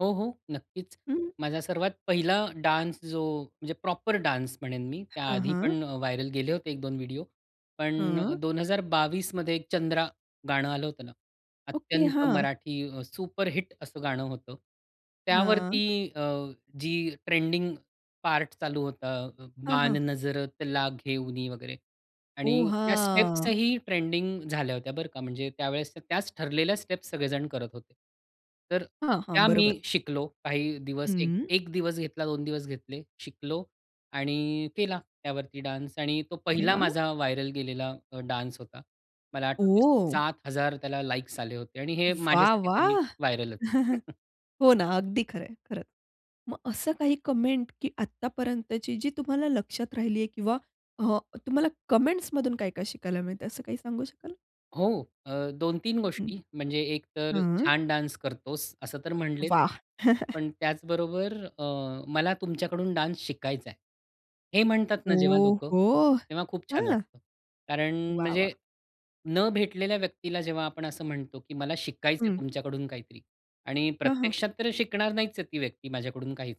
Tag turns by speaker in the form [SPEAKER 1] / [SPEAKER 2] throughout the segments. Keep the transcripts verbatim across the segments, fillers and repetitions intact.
[SPEAKER 1] हो, हो. नक्कीच.
[SPEAKER 2] हं, हं.
[SPEAKER 1] माझा सर्वात पहिला डान्स जो म्हणजे प्रॉपर डान्स म्हणेन मी. त्या
[SPEAKER 2] हां,
[SPEAKER 1] आधी
[SPEAKER 2] हां.
[SPEAKER 1] पण व्हायरल गेले होते एक दोन व्हिडिओ. पण अ,
[SPEAKER 2] हां.
[SPEAKER 1] दोन हजार बावीस मध्ये चंद्रा गाणं आलं होतं ना.
[SPEAKER 2] ओके.
[SPEAKER 1] अत्यंत
[SPEAKER 2] हां.
[SPEAKER 1] मराठी अ, सुपरहिट असं गाणं होतं.
[SPEAKER 2] हां.
[SPEAKER 1] त्यावरती अ, जी ट्रेंडिंग पार्ट चालू होता. अ,
[SPEAKER 2] हां,
[SPEAKER 1] बाण
[SPEAKER 2] हां.
[SPEAKER 1] नजरतला घेउनी वगैरे
[SPEAKER 2] ओह!
[SPEAKER 1] आणि त्या स्टेप्स
[SPEAKER 2] हां.
[SPEAKER 1] ही ट्रेंडिंग झाल्या होत्या बरं का? म्हणजे त्यावेळेस त्याच ठरलेल्या स्टेप्स सगळेजण करत होते. तर
[SPEAKER 2] हां, हां.
[SPEAKER 1] त्या
[SPEAKER 2] बरोबर.
[SPEAKER 1] मी शिकलो काही दिवस
[SPEAKER 2] हं.
[SPEAKER 1] एक दिवस घेतला, दोन दिवस घेतले. शिकलो आणि केला त्यावरती डान्स आणि तो
[SPEAKER 2] अरे,
[SPEAKER 1] पहिला
[SPEAKER 2] वाह!
[SPEAKER 1] माझा व्हायरल गेलेला अ, डान्स होता. मला आठवत
[SPEAKER 2] ओह!
[SPEAKER 1] सात हजार त्याला लाइक्स आले होते आणि हे
[SPEAKER 2] वाह!
[SPEAKER 1] माझ्यासाठी तरी
[SPEAKER 2] वाह!
[SPEAKER 1] व्हायरल होत.
[SPEAKER 2] हो ना. अगदी खरंय, खर. मग असं काही कमेंट की आत्तापर्यंतची जी तुम्हाला लक्षात राहिली आहे. किंवा हां तुम्हाला कमेंटस मधून काय-काय शिकायला मिळतंय? असं काही सांगू शकाल?
[SPEAKER 1] हो, अ, दोन तीन
[SPEAKER 2] हं.
[SPEAKER 1] गोष्टी म्हणजे एकतर
[SPEAKER 2] हां.
[SPEAKER 1] "छान डान्स करतोस." असं तर म्हटलेच.
[SPEAKER 2] वाह!
[SPEAKER 1] पण त्याचबरोबर अ, "मला तुमच्याकडून डान्स शिकायचाय." हे म्हणतात ना जेव्हा
[SPEAKER 2] ओ,
[SPEAKER 1] लोक,
[SPEAKER 2] हो!
[SPEAKER 1] तेव्हा खूप छान
[SPEAKER 2] हां.
[SPEAKER 1] वाटतं. कारण
[SPEAKER 2] वाह!
[SPEAKER 1] म्हणजे
[SPEAKER 2] वाह!
[SPEAKER 1] न भेटलेल्या व्यक्तीला जेव्हा आपण असं म्हणतो की मला शिकायचंय
[SPEAKER 2] हं.
[SPEAKER 1] तुमच्याकडून काहीतरी आणि
[SPEAKER 2] हां, हां.
[SPEAKER 1] प्रत्यक्षात तर शिकणार नाहीच ती व्यक्ती माझ्याकडून काहीच.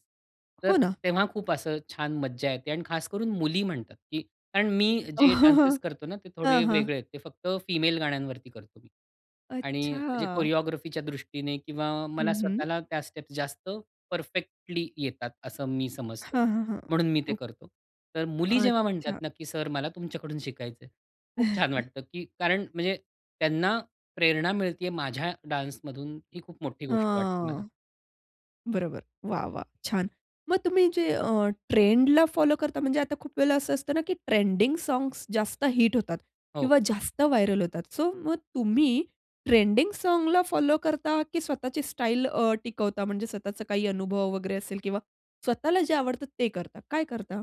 [SPEAKER 1] तर
[SPEAKER 2] हो ना.
[SPEAKER 1] तेव्हा खूप असं छान मज्जा येते आणि खास करून मुली म्हणतात की कारण मी जे डॅन्सेस करतो ना ते
[SPEAKER 2] हां,
[SPEAKER 1] थोडे
[SPEAKER 2] हां.
[SPEAKER 1] वेगळे आहेत. ते फक्त फिमेल गाण्यांवरती करतो मी आणि जे
[SPEAKER 2] अच्छा.
[SPEAKER 1] कोरिओग्राफीच्या दृष्टीने किंवा
[SPEAKER 2] हं,
[SPEAKER 1] मला
[SPEAKER 2] हं.
[SPEAKER 1] स्वतःला त्या स्टेप्स जास्त परफेक्टली येतात असं मी समजतो.
[SPEAKER 2] हां, हां, हां.
[SPEAKER 1] म्हणून मी ते
[SPEAKER 2] ओके.
[SPEAKER 1] करतो. तर मुली जेव्हा म्हणतात
[SPEAKER 2] अच्छा.
[SPEAKER 1] ना की, "सर, मला तुमच्याकडून शिकायचंय." खूप छान वाटतं की कारण म्हणजे, त्यांना प्रेरणा मिळतेय माझ्या डान्समधून ही खूप मोठी गोष्ट वाटते मला.
[SPEAKER 2] हां. बरोबर. वाह! वाह! छान. मग तुम्ही जे अ, ट्रेंडला फॉलो करता, म्हणजे आता खूप वेळेला असं असतं ना की ट्रेंडिंग साँग्स जास्त हिट होतात.
[SPEAKER 1] हो.
[SPEAKER 2] किंवा जास्त व्हायरल होतात. सो मग तुम्ही ट्रेंडिंग साँगला फॉलो करता की स्वतःची स्टाईल अ, टिकवता? म्हणजे स्वतःच काही अनुभव वगैरे असेल किंवा स्वतःला जे आवडत ते करता. काय करता?